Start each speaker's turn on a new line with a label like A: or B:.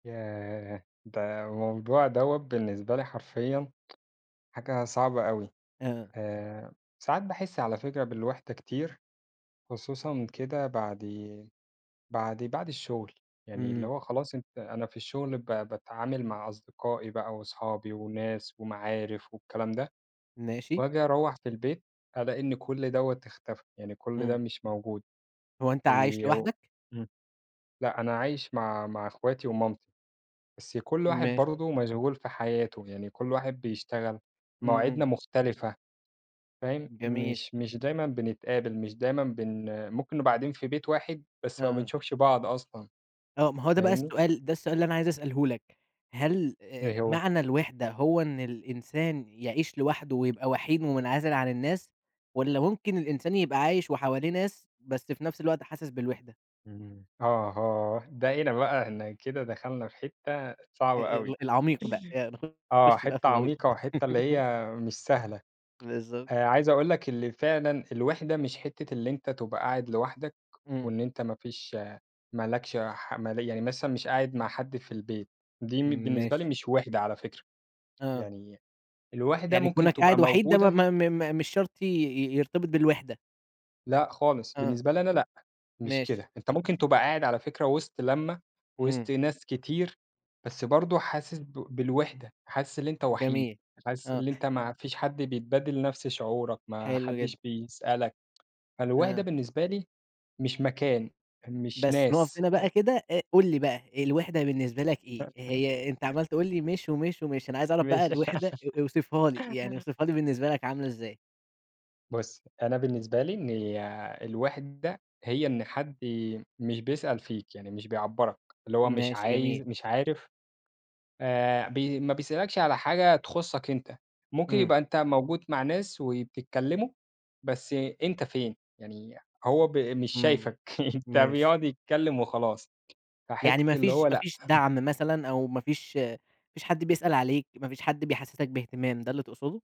A: ياه! ده موضوع دوَّة بالنسبة لي حرفيًا، حاجة صعبة أوي،
B: آه.
A: آآ، ساعات باحس على فكرة بالوحدة كتير، خصوصًا كده بعد بعد بعد الشغل يعني اللي
B: إمم.
A: هو خلاص أنت أنا في الشغل ب باتعامل مع أصدقائي بقى، وأصحابي وناس ومعارف والكلام ده،
B: ماشي.
A: وآجي أروّح في البيت، ألاقي إن كل دوَّة اختفى، يعني كل ده
B: إمم.
A: مش موجود،
B: هو أنت
A: و
B: عايش لوحدك؟
A: لأ أنا عايش مع مع اخواتي ومامتي، بس كل واحد
B: ماشي.
A: برضه مشغول في حياته، يعني كل واحد بيشتغل،
B: إمم،
A: مواعيدنا
B: إمم.
A: مختلفة فاهم،
B: جميل.
A: مش مش دايمًا بنتقابل مش دايمًا بن آآ، ممكن نبقى قاعدين في بيت واحد بس ما
B: آه.
A: بنشوفش بعض أصلًا،
B: آه، ما هو ده بقى
A: فاهمني.
B: السؤال، ده السؤال اللي أنا عايز أسأله لك، هل آآ،
A: إيه هو؟
B: معنى الوِحدة هو إن الإنسان يعيش لوحده ويبقى وحيد ومنعزل عن الناس؟ والَّا ممكن الإنسان يبقى عايش وحواليه ناس، بس في نفس الوقت حاسس بالوِحدة؟
A: اهم، أها، ده هنا بقى إحنا كده دخلنا في حتة
B: أ
A: صعبة
B: أ
A: أوي.
B: ال العميق بقى، آآ،
A: آه،
B: نخش بقى في
A: حتة
B: الغويط.
A: عميقة وحتة اللي هي مش سهلة
B: بالضبط.
A: آآ، عايز أقول لك اللي فعلًا الوِحدة مش حتة اللي أنت تبقى قاعد لوحدك،
B: إمم.
A: وإن أنت ما فيش ما لكش ح مالية، يعني مثلًا مش قاعد مع حد في البيت، دي م بالنسبة لي
B: ماشي.
A: مش وِحدة على فكرة،
B: آه.
A: يعني الوِحدة
B: يعني
A: ممكن
B: كونك
A: تبقى
B: قاعد وحيد ده ما
A: موجودة
B: ما م م مش شرط ي ي يرتبط بالوِحدة.
A: لأ خالص،
B: آه.
A: بالنسبة لي أنا لأ، مش
B: ماشي.
A: كده، أنت ممكن تبقى قاعد على فكرة وسط لمَّة وسط
B: إمم.
A: ناس كتير، بس برضه حاسس ب بالوحدة، حاسس اللي أنت وحيد،
B: جميل،
A: حاسس
B: آه.
A: اللي أنت ما فيش حد بيتبادل نفس شعورك، ما
B: حلو
A: حدش
B: جدًا.
A: بيسألك، فالوحدة
B: آه.
A: بالنسبة لي مش مكان، مش
B: بس، نقف
A: ناس،
B: هنا بقى
A: آآ
B: كده، أ قُل لي بقى الوِحدة بالنسبة لك إيه؟ هي أنت عمّال تقول لي مش ومش، ومش، أنا عايز أعرف بقى
A: ماشي.
B: الوِحدة أ اوصفها لي، يعني اوصفها لي بالنسبة لك عاملة إزاي؟
A: بُصّ، أنا بالنسبة لي إن آآ، الوحدة هي إن حد ي مش بيسأل فيك، يعني مش بيعبّرك، اللي هو مش
B: ماشي،
A: عايز
B: جميل.
A: مش عارف آآ، ب ما بيسألكش على حاجة تخُصّك أنت، ممكن
B: إمم.
A: يبقى أنت موجود مع ناس، وبتتكلّموا بس أنت فين، يعني هو ب مش
B: إمم،
A: شايفك، أنت
B: ماشي.
A: بيقعد يتكلّم وخلاص،
B: يعني
A: فحتة
B: ما
A: اللي
B: فيش
A: هو
B: ما
A: لأ.
B: فيش دعم مثلًا، أو ما فيش ما فيش حد بيسأل عليك، ما فيش حد بيحسِّسك بإهتمام، ده اللي تقصده؟